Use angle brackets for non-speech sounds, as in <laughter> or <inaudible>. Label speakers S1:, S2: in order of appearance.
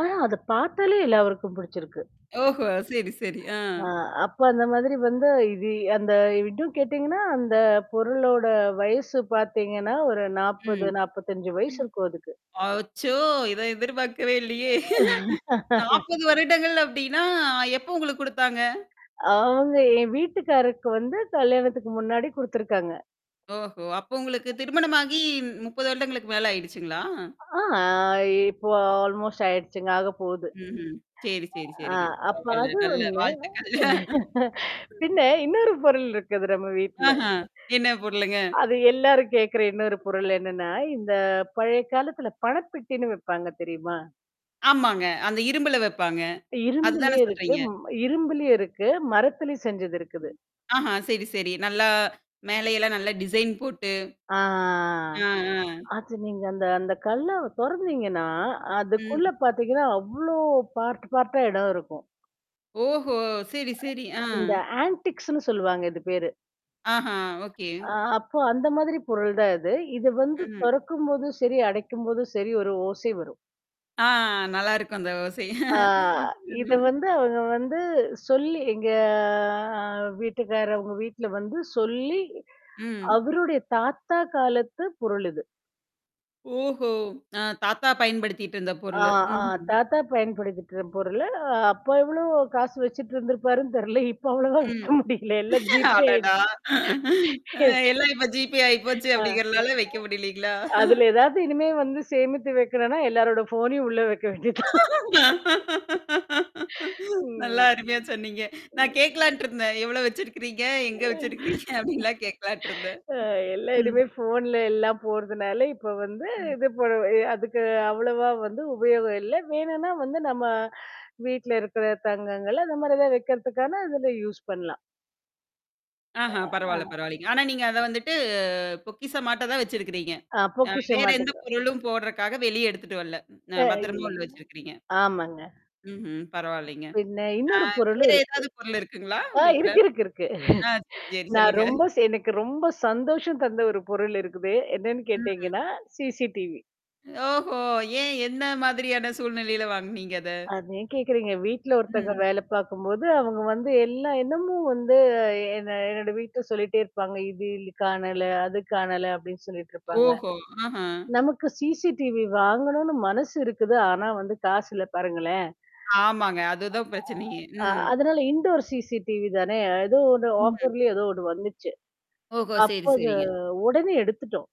S1: ஆனா அத பாத்தாலே எல்லாருக்கும் பிடிச்சிருக்கு.
S2: ஓஹோ! சரி, சரி. ஆ.
S1: அ அப்ப அந்த மாதிரி வந்து இது அந்த இதும் கேட்டீங்கன்னா, அந்த பொருளோட வயசு பாத்தீங்கன்னா ஒரு
S2: ம்.
S1: 40
S2: ம்.
S1: 45 வயசு இருக்கும் அதுக்கு.
S2: அச்சோ!
S1: <unintelligible>
S2: இத எதிர்பார்க்கவே இல்லயே! <chuckles>
S1: <laughs>
S2: 40 வருடங்கள் அப்பிடின்னா எப்ப உங்களுக்கு குடுத்தாங்க?
S1: அவுங்க என் வீட்டுக்காரருக்கு வந்து கல்யாணத்துக்கு முன்னாடி குடுத்துருக்காங்க.
S2: ஓஹோ! அப்ப உங்களுக்கு திருமணமாகி 30 வருடங்களுக்கு மேல ஆயிடுச்சுங்களா?
S1: ஆ இப்போ ஆல்மோஸ்ட் ஆயிடுச்சுங்க. ஆக போது.
S2: ம்ஹ்ம். சரி, சரி,
S1: ஆ
S2: சரிங்க.
S1: அப்ப
S2: பரவால்ல.
S1: அது
S2: நல்ல
S1: ஒன்னு
S2: வாழ்த்துக்கள்.
S1: <chuckles>
S2: <chuckles>
S1: பின்ன
S2: ம்.
S1: இன்னொரு பொருள் இருக்குது நம்ம வீட்ல.
S2: ஆஹா! என்ன பொருளுங்க?
S1: அது எல்லாரும் கேட்கிற இன்னொரு பொருள் என்னன்னா, இந்த பழைய காலத்தில பணப்பெட்டின்னு வப்பாங்க தெரியுமா?
S2: ஆமாங்க. அந்த இரும்புல வப்பாங்க.
S1: இரும்புலே
S2: அதுதானே
S1: இருக்கு
S2: சொல்றீங்க.
S1: இரும்புலே இருக்கு. மரத்திலே செஞ்சது இருக்குது.
S2: ஆஹா, சரி, சரி. நல்லா மேல எல்லாம் நல்லா டிசைன் போட்டு.
S1: அ. ஆ,
S2: அ,
S1: ஆ.
S2: அ.
S1: அது நீங்க அந்த அந்த கல்லாவ தொறந்தீங்கன்னா, அதுக்குள்ள
S2: ம்.
S1: பாத்தீங்கன்னா, அவ்ளோ பார்ட்ட், பார்ட்ட்டா இடம் இருக்கும்.
S2: ஓஹோ! சரி, சரி. ஆ.
S1: இந்த ஆன்டிக்ஸ்ன்னு சொல்லுவாங்க இது பேரு.
S2: ஆஹா! ஓகே.
S1: அ அப்போ அந்த மாதிரி பொருள் தான் இது. இது வந்து
S2: ம்.
S1: தொறக்கும்போது, சரி, அடைக்கும்போது சரி, ஒரு ஓசை வரும்.
S2: ஆ, நல்லாயிருக்கும் அந்த ஓசை.
S1: ஆ,
S2: <chuckles>
S1: இத
S2: ம்.
S1: வந்து அவுங்க வந்து சொல்லி எங்க அ வீட்டுக்காரவங்க வீட்ல வந்து சொல்லி
S2: ம்.
S1: அவருடைய தாத்தா காலத்த பொருளுது.
S2: ஓஹோ! அ தாத்தா பயன்படுத்திட்டு இருந்த
S1: ஆ,
S2: பொருளு.
S1: ஆ
S2: ம்ஹ்ம்.
S1: தாத்தா பயன்படுத்திட்ட பொருள். அ அப்போ எவ்ளோ காசு வச்சுட்டு இருந்திருப்பாருன்னு தெர்ல. இப்ப அவ்ளவா
S2: ம்.
S1: வைக்க முடியல. எல்லாம் ஜீபே
S2: அடடா!
S1: ஆயிடுச்சு. <chuckles>
S2: எல்லாம் இப்ப ஜிபே
S1: <chuckles>
S2: ஆயிப்போச்சு
S1: ஆ, அ.
S2: அப்பிடிங்கிறனால வைக்க முடியலேங்களா!
S1: அதுல ஏதாவது இனிமே வந்து சேமித்து வைக்கணுன்னா, எல்லாரோட ஃபோனையும் உள்ள வைக்க வேண்டியது தான். <laughs>
S2: நல்லா
S1: ம்.
S2: அருமையா சொன்னீங்க. நான் கேட்கலான்ட்டுருந்தேன். எவ்ளோ வச்சிருக்கிறீங்க?
S1: <chuckles>
S2: எங்க
S1: <chuckles>
S2: வச்சிருக்கிறீங்க? அப்பிடின்லாம் கேட்கலான்ட்டுருந்தேன்.
S1: அ எல்லா
S2: ம். ம்.
S1: இனிமே ஃபோன்ல எல்லாம் போட்றதுனால இப்ப வந்து
S2: ம்.
S1: இது பண்ணுவ அதுக்கு அவ்வளவா வந்து உபயோகம் இல்ல. வேணுன்னா வந்து நம்ம வீட்ல இருக்கிற தங்கங்கள் அந்தமாரி எதா வைக்கிறதுக்கான இதுல யூஸ் பண்லாம்.
S2: ஆஹா!
S1: அ
S2: பரவால்ல, பரவால்லேங்க. ஆனா நீங்க அத வந்துட்டு பொக்கிஷமாட்ட தான் வச்சிருக்கிறீங்க.
S1: அ
S2: அ
S1: பொக்கிஷம்
S2: வேற எந்த
S1: மாட்டப்ப.
S2: பொருளும் போடுறக்கா வெளியே எடுத்துட்டு வரல. அ
S1: அ
S2: பத்திரமா உள்ள
S1: இல்லங்க,
S2: வச்சிருக்கிறீங்க?
S1: ஆமாங்க.
S2: ம்ஹ்ம். பரவால்லங்க.
S1: பின்ன
S2: அ
S1: இன்னொரு பொருளும்
S2: வேறு
S1: இருக்கு.
S2: ஏதாவது பொருள் இருக்குங்களா
S1: ஆ
S2: வீட்ல?
S1: இருக்கு இருக்கு இருக்கு.
S2: ஆ சரி,
S1: <chuckles>
S2: சரி
S1: நான்
S2: சொல்லுங்க.
S1: ரொம்ப ஸ் எனக்கு ரொம்ப சந்தோஷம் தந்த ஒரு பொருள் இருக்குது. என்னன்னு
S2: ம்ஹ்ம்.
S1: கேட்டீங்கன்னா CCTV.
S2: ஓஹோ! ஏன் என்ன மாதிரியான சூழ்நிலையில வாங்குனீங்க அத?
S1: அத ஏன் கேட்கிறீங்க. வீட்ல ஒருத்தங்க
S2: ம்.
S1: வேல பார்க்கும்போது, அவுங்க வந்து எல்லா இடமும் வந்து எ என்ன என்னோட வீட்ல சொல்லிட்டே இருப்பாங்க. இது இ காணல, அது காணல அப்பிடின்னு சொல்லிட்டு இருப்பாங்க.
S2: ஓஹோ! ஆஹா!
S1: நமக்கு CCTV வாங்கணுன்னு மனசு இருக்குது. ஆனா வந்து காசு இல்ல பாருங்களேன்.
S2: ஆமாங்க. அதுதான் பிரச்சனையே.
S1: <unintelligible> அ
S2: ம்.
S1: அதனால இன்டோர் CCTV தானே! ஏதோ ஒன்னு
S2: ம்.
S1: ஆஃபர்லயே ஏதோ ஒன்னு வந்துச்சு.
S2: ஓஹோ!
S1: அப்ப
S2: சரி,
S1: அது
S2: சரிங்க.
S1: உடனே எடுத்துட்டோம்.